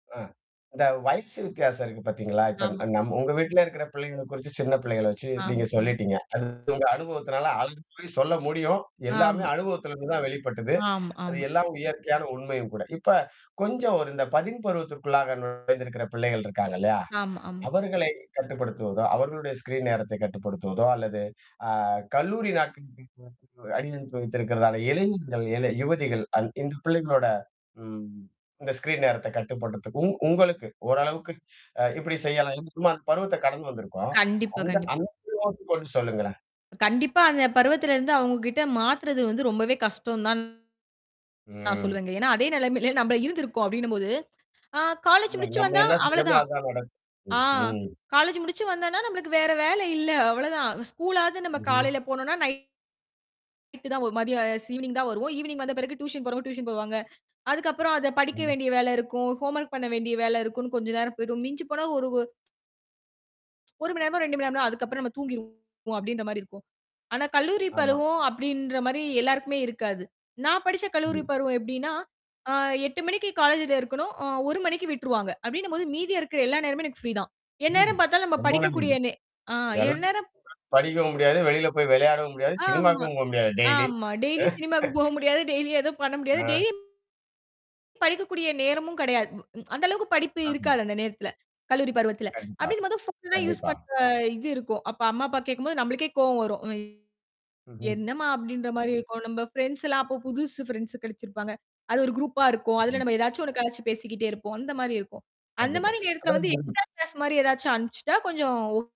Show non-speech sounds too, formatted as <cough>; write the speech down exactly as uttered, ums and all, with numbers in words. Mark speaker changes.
Speaker 1: அ, இந்த வயசு வித்தியாசம் இருக்கு பாத்தீங்களா? இப்ப அ
Speaker 2: ஆமா.
Speaker 1: நம் உங்க வீட்ல இருக்கிற பிள்ளைகள குறிச்சு, சின்னப் பிள்ளைகள வச்சு
Speaker 2: ஆ,
Speaker 1: நீங்க
Speaker 2: அ.
Speaker 1: சொல்லிட்டீங்க. அது உங்க அனுபவத்துனால அதுக்குப் போய் சொல்ல முடியும்.
Speaker 2: ஆம்.
Speaker 1: எல்லாமே அனுபவத்துல இருந்துதான் வெளிப்பட்டது.
Speaker 2: ஆமா
Speaker 1: அது
Speaker 2: ஆமா.
Speaker 1: எல்லாம் இயற்கையான உண்மையும் கூட. இப்ப கொஞ்சம் இந்த பதின் பருவத்திற்குள்ளாக நுழைந்திருக்கிற பிள்ளைகள் இருக்காங்க இல்லயா!
Speaker 2: ஆமா ஆமா.
Speaker 1: அவர்களைக் கட்டுப்படுத்துவதோ! அவர்களுடைய ஸ்கிரீன் நேரத்தைக் கட்டுப்படுத்துவதோ அல்லது ஆ கல்லூரி நாட்களுக்கு <unintelligible> அடியெடுத்து வைத்திருக்கிறதால இளைஞர்கள், இள யுவதிகள் அந் இந்த பிள்ளைகளோட ம், இந்த ஸ்கிரீன் நேரத்தக் கட்டுப்படுத்துக்கு உ-உங்களுக்கு ஓரளவுக்கு அ இப்பிடி செய்யலாம். <unintelligible> நம்ம அந்தப் பருவத்தைக் கடந்து வந்திருக்கோம்.
Speaker 2: கண்டிப்பா
Speaker 1: அந்த
Speaker 2: கண்டிப்பா.
Speaker 1: அனுபவத்தக் <unintelligible> சொல்லுங்களேன்.
Speaker 2: கண்டிப்பா அந்தப் பருவத்திலிருந்து அவங்கக்கிட்ட மாத்துறது வந்து ரொம்பவே கஷ்டம் தான் நான்
Speaker 1: ம்.
Speaker 2: சொல்லுவேங்க. ஏன்னா அதே நிலைமையில நாம இருந்திருக்கோம் அப்பிடின்னம்போது ஆ காலேஜ் முடிச்சு
Speaker 1: நம்ம
Speaker 2: வந்தா
Speaker 1: என்ன செஞ்சோமோ,
Speaker 2: அவளதான்.
Speaker 1: அதான் நடக்கும்,
Speaker 2: ஆ,
Speaker 1: ம் ம்.
Speaker 2: காலேஜ் முடிச்சு வந்தன்னா, நம்மளுக்கு வேற வேல இல்ல. அவளதான். ஸ்கூல் ஆவது நாம
Speaker 1: ம்ஹும்.
Speaker 2: காலையில போனோன்னா நை நைட்டு தான் ஒருமாரியா ஸ் ஈவ்னிங் தான் வருவோம். ஈவினிங் வந்த பிறகு டியூசன் போறவங்க டியூசன் போவாங்க. அதுக்கப்புறம் அதப் படிக்க
Speaker 1: ம்.
Speaker 2: வேண்டிய வேல இருக்கும். ஹோம் ஒர்க் பண்ண வேண்டிய வேலை இருக்குன்னு கொஞ்ச நேரம் போயிடும். மிஞ்சிப்போனா ஒரு ஒரு ஒரு மணி நேரம், ரெண்டு மணி நேரம். அதுக்கப்பறம் நாம தூங்கிருவோம் அப்பிடின்றமாரி இருக்கும். ஆனா கல்லூரி
Speaker 1: ஆமா.
Speaker 2: பருவம் அப்பிடின்றமாரி எல்லாருக்குமே இருக்காது. நான் படிச்ச கல்லூரி
Speaker 1: ம்.
Speaker 2: பருவம் எப்பிடின்னா அ எட்டு மணிக்கி காலேஜ்ல இருக்கணும்.அ ஒரு மணிக்கு விட்டுருவாங்க. அப்பிடின்னம்போது மீதி இருக்குற எல்லா நேரமும் எனக்கு ஃப்ரீ தான்.
Speaker 1: ம்.
Speaker 2: எந்நேரம் பார்த்தாலும் நாம
Speaker 1: ரொம்ப
Speaker 2: படிக்கக்கூடிய நெ ஆ,
Speaker 1: <unintelligible>
Speaker 2: எந்நேரம்
Speaker 1: படிக்கவும் முடியாது, வெளியில போய் விளையாடவும் முடியாது, சினிமாக்கும் போக முடியாது டெய்லி
Speaker 2: ஆமா-ஆமா.
Speaker 1: அ
Speaker 2: டெய்லி சினிமாவுக்கு போக
Speaker 1: <chuckles>
Speaker 2: முடியாது. டெய்லி எதும் பண்ண முடியாது.
Speaker 1: ஆ.
Speaker 2: டெய்லியும் படிக்கக்கூடிய நேரமும் கிடையாது. அந்த அளவுக்குப் படிப்பு
Speaker 1: ஆமா.
Speaker 2: இருக்காது. அந்த நேரத்துல கல்லூரி பருவத்துல.
Speaker 1: கண்டிப்பா
Speaker 2: அப்பிடின்னம்போது ஃபோன் தான் யூஸ்
Speaker 1: கண்டிப்பா.
Speaker 2: பண்ற இது இருக்கும். அப்ப அம்மா, அப்பா கேக்கும்போது நம்மளுக்கே கோபம் வரும்.
Speaker 1: ம்ஹும்.
Speaker 2: என்னம்மா! அப்பிடின்றமாரி இருக்கும். ஒ! நம்ப ஃபிரெண்ட்ஸ்லாம் அப்ப புதுசு ஃப்ரெண்ட்ஸ் கிடைச்சிருப்பாங்க. அது ஒரு குரூப்பா இருக்கும். அதுல
Speaker 1: ம்.
Speaker 2: நம்ம எதாச்சும் ஒன்னு கலாச்சு பேசிக்கிட்டே இருப்போம். அந்தமாரி இருக்கும்.
Speaker 1: கண்டிப்பா
Speaker 2: அந்தமாரி நேரத்துல வந்து
Speaker 1: அதாவது.
Speaker 2: எக்ஸ்ட்ரா கிளாஸ் மாரி எதாச்சும் அனுப்பிச்சிட்டா கொஞ்சம் ஓ